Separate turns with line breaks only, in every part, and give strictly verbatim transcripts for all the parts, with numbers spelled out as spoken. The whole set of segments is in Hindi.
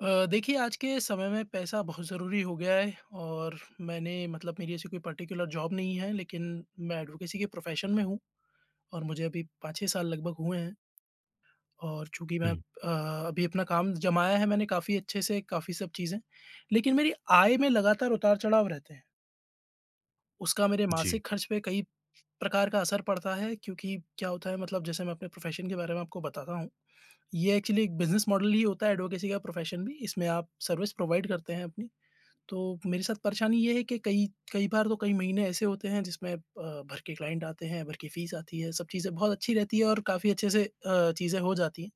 अ, देखिए आज के समय में पैसा बहुत ज़रूरी हो गया है और मैंने मतलब मेरी ऐसी कोई पर्टिकुलर जॉब नहीं है, लेकिन मैं एडवोकेसी के प्रोफ़ेशन में हूँ और मुझे अभी पाँच छह साल लगभग हुए हैं और चूँकि मैं अब
हुँ।
अ, अभी अपना काम जमाया है मैंने काफ़ी अच्छे से काफ़ी सब चीज़ें, लेकिन मेरी आय में लगातार उतार-चढ़ाव रहते हैं। उसका मेरे
जी।
मासिक खर्च पे कई प्रकार का असर पड़ता है, क्योंकि क्या होता है मतलब जैसे मैं अपने प्रोफ़ेशन के बारे में आपको बताता हूँ, ये एक्चुअली एक बिज़नेस मॉडल ही होता है एडवोकेसी का प्रोफ़ेशन भी, इसमें आप सर्विस प्रोवाइड करते हैं अपनी, तो मेरे साथ परेशानी ये है कि कई-कई बार तो कई महीने ऐसे होते हैं जिसमें अ, भर के क्लाइंट आते हैं, भर की फ़ीस आती है, सब चीज़ें बहुत अच्छी रहती है और काफ़ी अच्छे से अ, चीज़ें हो जाती हैं,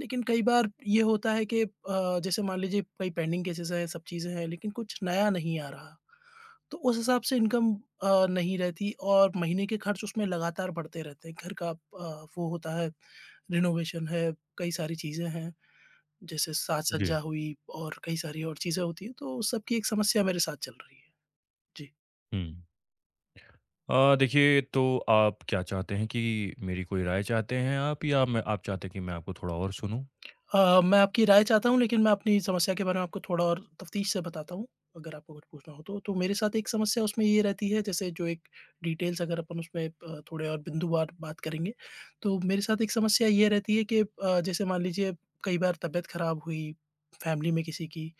लेकिन कई बार ये होता है कि अ, जैसे मान लीजिए कई पेंडिंग केसेज़ हैं, सब चीज़ें हैं, लेकिन कुछ नया नहीं आ रहा, तो उस हिसाब से इनकम अ, नहीं रहती और महीने के खर्च उसमें लगातार बढ़ते रहते हैं। घर का अ, वो होता है रेनोवेशन है, कई सारी चीज़ें हैं जैसे
जी।
साज-सज्जा हुई और कई सारी और चीज़ें होती हैं, तो सब की एक समस्या मेरे साथ चल रही है। जी।
हुँ। अ, देखिए तो आप क्या चाहते हैं कि मेरी कोई राय चाहते हैं आप या मैं आप चाहते हैं कि मैं आपको थोड़ा और सुनूँ?
अ, मैं आपकी राय चाहता हूँ लेकिन मैं अपनी समस्या के बारे में आपको थोड़ा और तफ़्तीश से बताता हूँ, अगर आपको कुछ पूछना हो तो, तो मेरे साथ एक समस्या उसमें ये रहती है, जैसे जो एक डिटेल्स अगर अपन उसमें अ, थोड़े और बिंदुवार बात करेंगे, तो मेरे साथ एक समस्या ये रहती है कि अ, जैसे मान लीजिए कई बार तबीयत खराब हुई फैमिली में किसी की,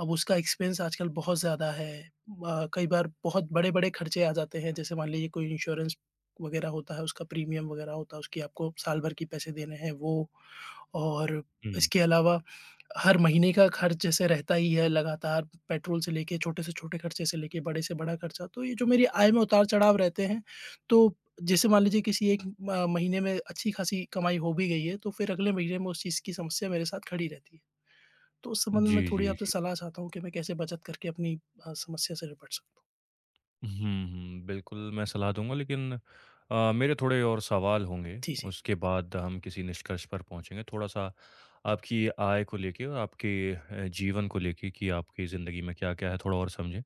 अब उसका एक्सपेन्स आजकल बहुत ज़्यादा है अ, कई बार बहुत बड़े-बड़े खर्चे आ जाते हैं, जैसे मान लीजिए कोई इन्श्योरेंस वगैरह होता है, उसका प्रीमियम वगैरह होता है, उसकी आपको साल भर की पैसे देने हैं वो और
हुँ।
इसके अलावा हर महीने का खर्च जैसे रहता ही है, लगातार पेट्रोल से लेके छोटे से छोटे खर्चे से लेके, बड़े से बड़ा खर्चा। तो ये जो मेरी आय में उतार-चढ़ाव रहते हैं तो जैसे मान लीजिए किसी एक म अ, महीने में अच्छी-खासी कमाई हो भी गई है तो फिर अगले महीने में उस चीज़ की समस्या मेरे साथ खड़ी रहती है। तो उस संबंध में मैं
जी,
थोड़ी
जी,
आपसे
जी।
सलाह चाहता हूँ, कि मैं कैसे बचत करके अपनी अ, समस्या से निपट सकता हूँ?
हुँ, हुँ, बिल्कुल मैं सलाह दूँगा लेकिन अ, मेरे थोड़े और सवाल होंगे,
जी, जी।
उसके बाद हम किसी निष्कर्ष पर पहुँचेंगे, थोड़ा-सा आपकी आय को लेके और आपके अ, जीवन को लेके कि आपके ज़िंदगी में क्या-क्या है थोड़ा और समझें,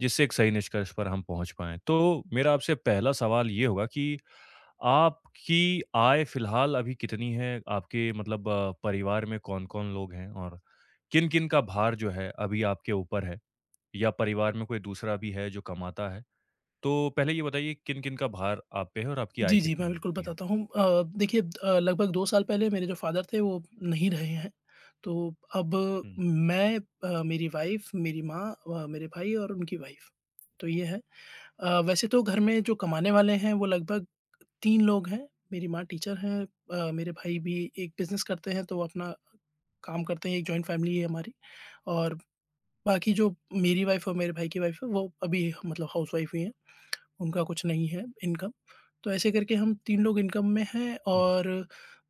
जिससे एक सही निष्कर्ष पर हम पहुँच पाएँ। तो मेरा आपसे पहला सवाल ये होगा कि आपकी आय फिलहाल अभी कितनी है, आपके मतलब अ, परिवार में कौन-कौन लोग हैं? और किन-किन का भार जो है, अभी आपके ऊपर है या परिवार में कोई दूसरा भी है जो कमाता है, तो पहले ये बताइए किन-किन का भार आप पे है, और आपकी आय
जी, जी मैं
कितनी,
बिल्कुल
कितनी है?
बताता हूँ। अ, देखिए अ, लगभग दो साल पहले मेरे जो फादर थे वो नहीं रहे हैं, तो अब
हुँ।
मैं अ, मेरी वाइफ मेरी माँ अ, व मेरे भाई और उनकी वाइफ तो ये है। अ, वैसे तो घर में जो कमाने वाले हैं वो लगभग तीन लोग हैं, मेरी माँ टीचर हैं अ, मेरे भाई भी एक बिज़नेस करते हैं, तो अपना काम करते हैं एक जॉइन्ट फैमिली है हमारी और बाकी जो मेरी वाइफ और मेरे भाई की वाइफ है वो अभी मतलब हाउसवाइफ ही हैं। उनका कुछ नहीं है इनकम तो ऐसे करके हम तीन लोग इनकम में है
हुँ।
और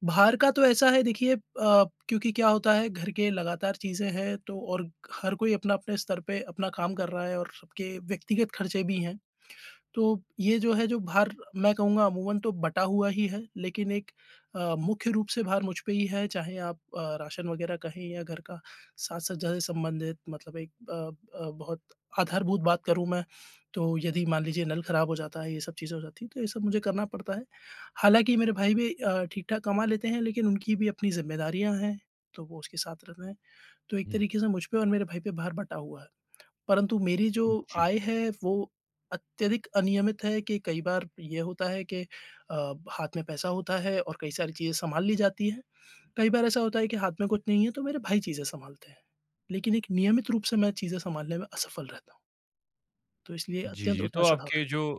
बाहर का तो ऐसा है देखिए अ, क्योंकि क्या होता है घर के लगातार चीज़ें हैं, तो और हर कोई अपना अपने स्तर पे अपना काम कर रहा है और सबके व्यक्तिगत खर्चे भी हैं, तो ये जो है जो भार मैं कहूँगा अमूमन तो बँटा हुआ ही है, लेकिन एक अ, मुख्य रूप से भार मुझ पे ही है चाहे आप अ, राशन वगैरह कहें या घर का साज-सज्जा से संबंधित मतलब एक अ अ, बहुत आधारभूत बात करूँ मैं, तो यदि मान लीजिए नल खराब हो जाता है ये सब चीज़ें हो जाती हैं, तो ये सब मुझे करना पड़ता है। हालाँकि, मेरे भाई भी अ, ठीक-ठाक कमा लेते हैं लेकिन उनकी भी अपनी ज़िम्मेदारियाँ हैं, तो वो उसके साथ रहते हैं, तो एक
हुँ।
तरीके से मुझ पे और मेरे भाई पे भार बँटा हुआ है। परंतु मेरी जो
हुँ, जी।
आय है वो अत्यधिक अनियमित है कि कई बार ये होता है कि अ, हाथ में पैसा होता है और कई सारी चीज़ें सँभाल ली जाती हैं, कई बार ऐसा होता है कि हाथ में कुछ नहीं है, तो मेरे भाई चीज़ें सँभालते हैं, लेकिन एक नियमित रूप से मैं चीज़ें सँभालने में असफल रहता हूँ। तो इसलिए
जी,
अत्यंत
जी, तो
उतार-चढ़ाव है।
आपके जो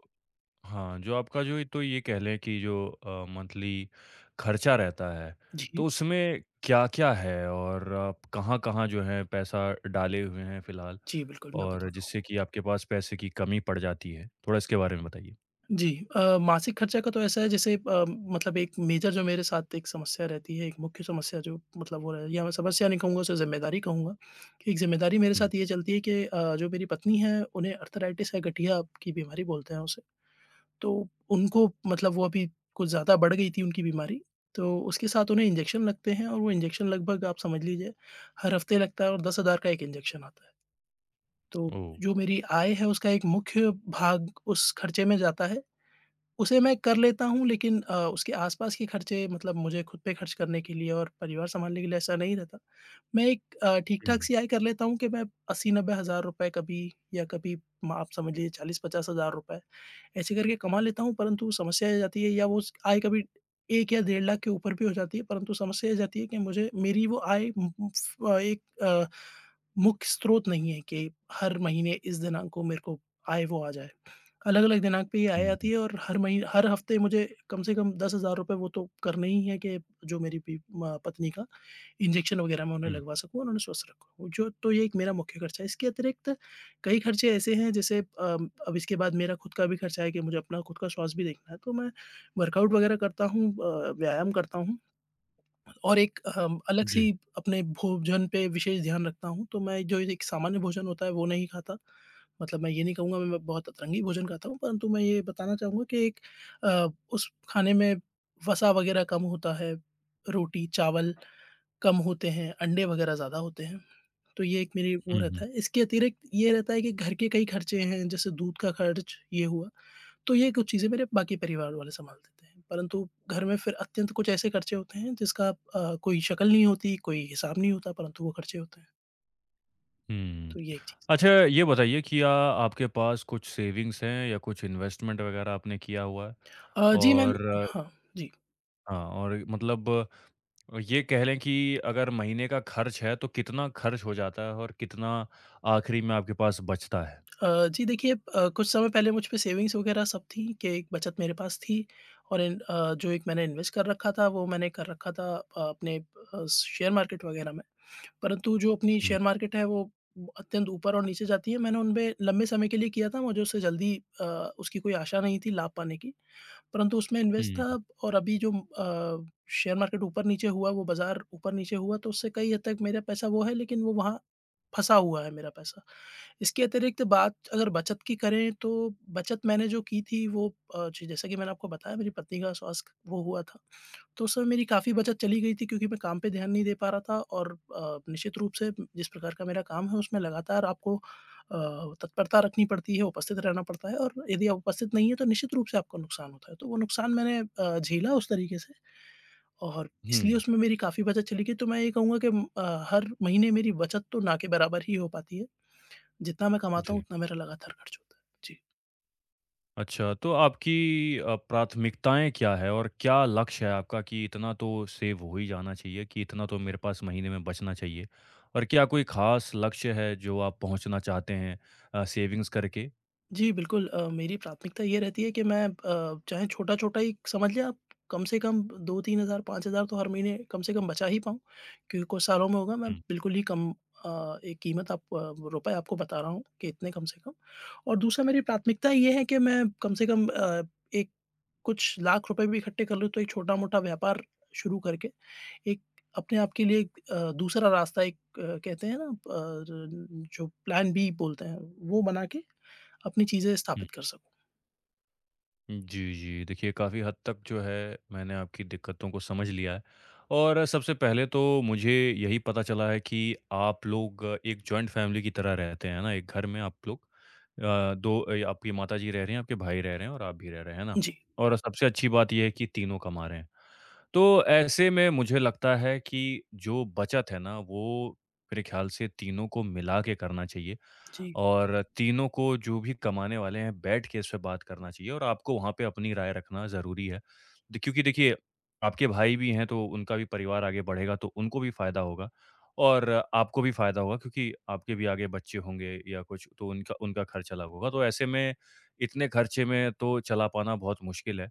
हाँ जो आपका जो ए तो ये कह लें कि जो अ, मंथली खर्चा रहता है,
जी।
तो उसमें क्या-क्या है और कहाँ-कहाँ जो हैं पैसा डाले हुए हैं फिलहाल,
जी, बिल्कुल मैं
और
बताता हूँ आपको।
जिससे कि आपके पास पैसे की कमी पड़ जाती है। थोड़ा इसके बारे में बताइए?
जी अ, मासिक खर्चा का तो ऐसा है जैसे अ, मतलब एक मेजर जो मेरे साथ एक समस्या रहती है, एक मुख्य समस्या जो मतलब वो है या मैं समस्या नहीं कहूँगा उसे जिम्मेदारी कहूँगा। एक जिम्मेदारी मेरे
हुँ।
साथ ये चलती है कि अ, जो मेरी पत्नी हैं उन्हें आर्थराइटिस है, गठिया की बीमारी बोलते हैं उसे, तो उनको मतलब वो अभी कुछ ज़्यादा बढ़ गई थी उनकी बीमारी। तो, उसके साथ उन्हें इन्जेक्शन लगते हैं और वो इन्जेक्शन लगभग आप समझ लीजिए, हर हफ्ते लगता है और दस हज़ार का एक इन्जेक्शन आता है। तो,
ओह!
जो मेरी आय है उसका एक मुख्य भाग उस खर्चे में जाता है, उसे मैं कर लेता हूँ लेकिन अ, उसके आस-पास के खर्चे मतलब मुझे ख़ुद पे खर्च करने के लिए और परिवार सँभालने के लिए ऐसा नहीं रहता। मैं एक अ, ठीक-ठाक
हुँ।
सी आय कर लेता हूँ कि मैं अस्सी नब्बे हज़ार रुपए कभी या कभी म आप समझिए चालीस-पचास हज़ार रुपए, ऐसे करके कमा लेता हूँ, परंतु समस्या ये आ जाती है या वो उस आय कभी एक या डेढ़ लाख के ऊपर भी हो जाती है, परंतु समस्या ये आ जाती है कि मुझे मेरी वो आय उम उम फ अ, एक अ, मुख्य स्रोत नहीं है कि हर महीने इस दिनांक को मेरे को आय वो आ जाए। अलग-अलग दिनांक पे ये आय
हुँ,
आती
हुँ।
है और हर मही हर हफ्ते मुझे कम से कम दस हज़ार रुपए वो तो करने ही है, कि जो मेरी बी अ, पत्नी का इन्जेक्शन वग़ैरह मैं उन्हें
हुँ।
लगवा सकूँ और उन्हें स्वस्थ रखूँ। जो तो ये एक मेरा मुख्य खर्चा है इसके अतिरिक्त कई खर्चे ऐसे हैं जैसे अ, अब इसके बाद मेरा ख़ुद का भी खर्चा है कि मुझे अपना ख़ुद का स्वास्थ्य भी देखना है, तो मैं वर्कआउट वग़ैरह करता हूँ अ, व्यायाम करता हूँ। और एक अ, अलग
जी।
सी अपने भोजन पे विशेष ध्यान रखता हूँ, तो मैं जो एक सामान्य भोजन होता है वो नहीं खाता, मतलब मैं ये नहीं कहूँगा मैं मैं बहुत अतरंगी भोजन खाता हूँ, परंतु मैं ये बताना चाहूँगा कि एक अ, उस खाने में वसा वग़ैरह कम होता है, रोटी, चावल कम होते हैं, अंडे वग़ैरह ज़्यादा होते हैं, तो ये एक मेरी वो
हुँ, हुँ।
रहता है। इसके अतिरिक्त ये रहता है कि घर के कई खर्चे हैं, जैसे दूध का खर्च, ये हुआ, तो ये कुछ चीज़ें मेरे बाकी परिवार वाले सँभाल देते हैं, परंतु घर में फिर अत्यंत कुछ ऐसे खर्चे होते हैं जिसका अ, कोई शकल नहीं होती, कोई हिसाब नहीं होता परंतु वो खर्चे होते हैं।
हुँ।
तो ये एक चीज़
अच्छा, ये बताइए कि या आपके पास कुछ सेविंग्स हैं या कुछ इन्वेस्टमेंट वग़ैरह आपने किया हुआ है?
अ, जी मैंम
और
हाँ जी।
हाँ और मतलब ये कह लें कि अगर महीने का खर्च है तो कितना खर्च हो जाता है? और कितना आखिरी में आपके पास बचता है?
अ, जी देखिए अ, कुछ समय पहले मुझपे सेविंग़्स वग़ैरह सब थीं कि एक बचत मेरे पास थी और एन अ, जो एक मैंने इन्वेस्ट कर रखा था वो मैंने कर रखा था अ, अपने अ, शेयर मार्केट वग़ैरह में। परंतु जो अपनी
हुँ।
शेयर मार्केट है वो अत्यंत ऊपर और नीचे जाती है। मैंने उनमें लंबे समय के लिए किया था मुझे उससे जल्दी अ, उसकी कोई आशा नहीं थी लाभ पाने की। परंतु उसमें इन्वेस्ट
हुँ, हुँ।
था और अभी जो म अ, शेयर मार्केट ऊपर-नीचे हुआ है वो बाज़ार ऊपर-नीचे हुआ तो उससे कई हद तक मेरा पैसा वो है लेकिन वो वहाँ फँसा हुआ है मेरा पैसा। इसके अतिरिक्त बात अगर बचत की करें, तो बचत मैंने जो की थी वो अ, जैसे कि मैंने आपको बताया मेरी पत्नी का स्वास्थ्य वो हुआ था। तो उसमें मेरी काफ़ी बचत चली गई थी क्योंकि मैं काम पे ध्यान नहीं दे पा रहा था और अ, निश्चित रूप से जिस प्रकार का मेरा काम है उसमें लगातार आपको अ, तत्परता रखनी पड़ती है, उपस्थित रहना पड़ता है और यदि आप उपस्थित नहीं है, तो निश्चित रूप से आपको नुकसान होता है। तो वो नुकसान मैंने अ, झेला उस तरीके से और इसलिए
हुँ।
उसमें मेरी काफ़ी बचत चली गई। तो मैं यही कहूँगा कि अम, अ, हर महीने मेरी बचत तो ना के बराबर ही हो पाती है। जितना मैं कमाता हूँ
जी।
उतना मेरा लगातार खर्च होता है। जी।
अच्छा, तो आपकी अ, प्राथमिकताएँ क्या है, और क्या लक्ष्य है आपका कि इतना तो सेव हो ही जाना चाहिए, कि इतना तो मेरे पास महीने में बचना चाहिए और क्या कोई खास लक्ष्य है, जो आप पहुँचना चाहते हैं अ, सेविंग्स करके?
जी, बिल्कुल अ, मेरी प्राथमिकता ये रहती है कि मैं अ, चाहे छोटा-छोटा ही समझ लें आप, कम से कम ब दो तीन हज़ार पाँच हज़ार तो हर महीने कम से कम बचा ही पाऊँ। क्योंकि कुछ सालों में होगा, मैं
हुँ।
बिल्कुल ही कम अ, एक कीमत आप रुपए आपको बता रहा हूँ कि इतने कम से कम। और दूसरा मेरी प्राथमिकता ये है कि मैं कम से कम अ, एक कुछ लाख रुपए भी इकट्ठे कर लूँ, तो एक छोटा-मोटा व्यापार शुरू करके, एक अपने आप के लिए एक अ, दूसरा रास्ता एक अ, कहते हैं ना, पर जो प्लान बी बोलते हैं, वो बनाके अपनी चीज़ें
हुँ।
स्थापित कर सकूँ।
हुँ, जी, जी, देखिए, काफ़ी हद तक जो है, मैंने आपकी दिक्कतों को समझ लिया है और सबसे पहले तो मुझे यही पता चला है कि आप लोग एक जॉइंट फ़ैमिली की तरह रहते हैं ना? एक घर में आप लोग अ, दो अ, आपकी माताजी रह रहीं हैं, आपके भाई रह रहे हैं और आप भी रह रहे, हैं ना?
जी।
और सबसे अच्छी बात ये है कि तीनों कमा रहे हैं। तो ऐसे में मुझे लगता है कि जो बचत है ना, वो मेरे ख़्याल से तीनों को मिलाके करना चाहिए
जी।
और तीनों को जो भी कमाने वाले हैं, बैठके इसपे बात करना चाहिए और आपको वहाँ पे अपनी राय रखना ज़रूरी है। द क्योंकि देखिए, आपके भाई भी हैं तो उनका भी परिवार आगे बढ़ेगा तो उनको भी फायदा होगा और आपको भी फायदा होगा, क्योंकि आपके भी आगे बच्चे होंगे या कुछ तो उनका उनका खर्च अलग होगा। तो ऐसे में, इतने खर्चे में तो चला पाना बहुत मुश्किल है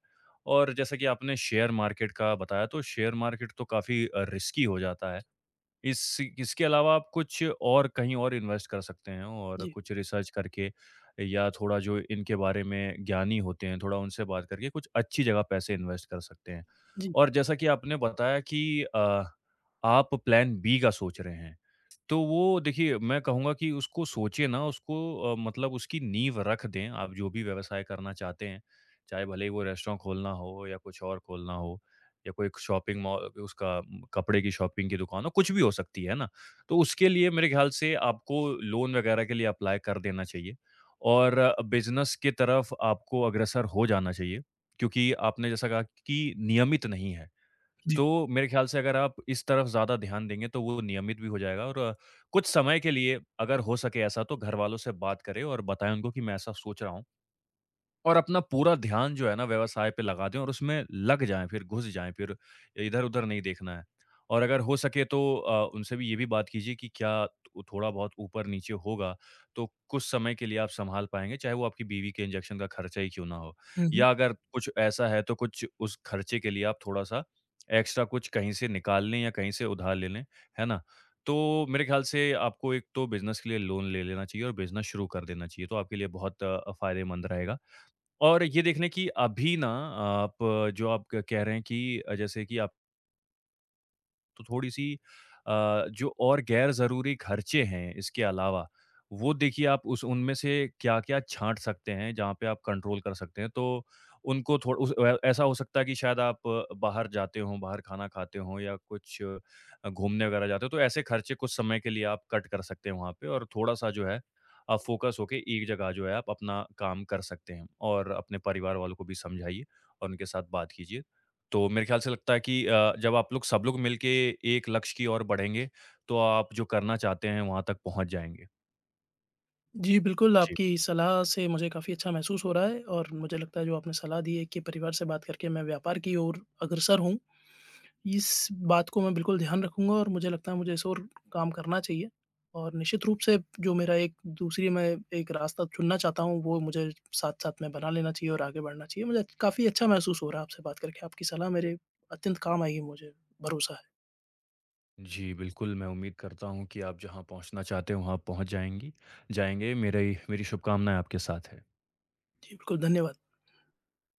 और जैसा कि आपने शेयर मार्केट का बताया तो शेयर मार्केट तो काफ़ी अ, रिस्की हो जाता है। इस इ इसके अलावा आप कुछ और कहीं और इन्वेस्ट कर सकते हैं और
जी।
कुछ रीसर्च करके या थोड़ा जो इनके बारे में ज्ञानी होते हैं, थोड़ा उनसे बात करके कुछ अच्छी जगह पैसे इन्वेस्ट कर सकते हैं।
जी।
और जैसा कि आपने बताया कि अ, आप प्लान बी का सोच रहे हैं, तो वो देखिए, मैं कहूँगा कि उसको सोचिए ना, उसको अ, मतलब उसकी नींव रख दें, आप जो भी व्यवसाय करना चाहते हैं। चाहे भले ही वो रेस्टोरेंट खोलना हो या कुछ और खोलना हो या कोई क शॉपिंग मौ अ, उसका उम, कपड़े की शॉपिंग की दुकान हो, कुछ भी हो सकती है ना। तो उसके लिए मेरे ख़्याल से आपको लोन वगैरह के लिए अप्लाई कर देना चाहिए और बिज़नेस की तरफ आपको अग्रसर हो जाना चाहिए, क्योंकि आपने जैसा कहा कि नियमित नहीं है।
जी।
तो मेरे ख़्याल से अगर आप इस तरफ ज़्यादा ध्यान देंगे, तो वो नियमित भी हो जाएगा और कुछ समय के लिए अगर हो सके ऐसा तो घरवालों से बात करें और बताएँ उनको कि मैं ऐसा सोच रहा हूँ और अपना पूरा ध्यान जो है ना व्यवसाय पे लगा दें और उसमें लग जाएँ, फिर घुस जाएँ, फिर इधर-उधर नहीं देखना है। और अगर हो सके तो अ, उनसे भी ये भी बात कीजिए कि क्या उ थोड़ा बहुत ऊपर-नीचे होगा, तो कुछ समय के लिए आप सँभाल पाएँगे, चाहे वो आपकी बीवी के इंजेक्शन का खर्चा ही क्यों ना हो?
हुँ, हुँ।
या अगर कुछ ऐसा है तो कुछ उस खर्चे के लिए आप थोड़ा-सा एक्स्ट्रा कुछ कहीं से निकालने या कहीं से उधार लें लें, है ना? तो मेरे ख़्याल से आपको एक तो बिज़नेस के लिए लोन ले लेना चाहिए और बिज़नेस शुरू कर देना चाहिए, तो आपके लिए बहुत अ, फायदेमंद रहेगा। और ये देख लें कि अभी ना आप अ, जो आप क कह रहे हैं कि अ, जैसे कि आप तो थोड़ी-सी अ, जो और गैर ज़रूरी खर्चे हैं, इसके अलावा, वो देखिए आप उस उनमें से क्या-क्या छाँट सकते हैं, जहाँ पे आप कंट्रोल कर सकते हैं, तो उनको थोड़ उस अ अ, ऐसा हो सकता है कि शायद आप बाहर जाते हों, बाहर खाना खाते हों या कुछ अ, घूमने वगैरह जाते हों, तो ऐसे खर्चे कुछ समय के लिए आप कट कर सकते हो वहाँ पे और थोड़ा-सा जो है आप फ़ोकस होके एक जगह जो है आप अपना काम कर सकते हैं और अपने परिवार वालों को भी समझाइए और उनके साथ बात कीजिए, तो मेरे ख्याल से लगता है कि अ, जब आप लोग सब लोग मिलके एक लक्ष्य की ओर बढ़ेंगे तो आप जो करना चाहते हैं, वहाँ तक पहुँच जाएँगे।
जी, बिल्कुल
जी।
आपकी सलाह से मुझे काफ़ी अच्छा महसूस हो रहा है और मुझे लगता है जो आपने सलाह दी है कि परिवार से बात करके मैं व्यापार की ओर अग्रसर होऊँ, इस बात को मैं बिल्कुल ध्यान रखूँगा और मुझे लगता है मुझे इस ओर काम करना चाहिए और निश्चित रूप से जो मेरा एक दूसरी मैं एक रास्ता चुनना चाहता हूँ, वो मुझे साथ-साथ में बना लेना चाहिए और आगे बढ़ना चाहिए। मुझे अच काफ़ी अच्छा महसूस हो रहा है आपसे बात करके, आपकी सलाह मेरे अत्यंत काम आएगी मुझे भरोसा है।
जी, बिल्कुल, मैं उम्मीद करता हूँ कि आप जहाँ पहुँचना चाहते हैं वहाँ पहुँच जाएँगी जाएँगे मेरा ये मेरी शुभकामनाएँ आपके साथ हैं।
जी, बिल्कुल धन्यवाद।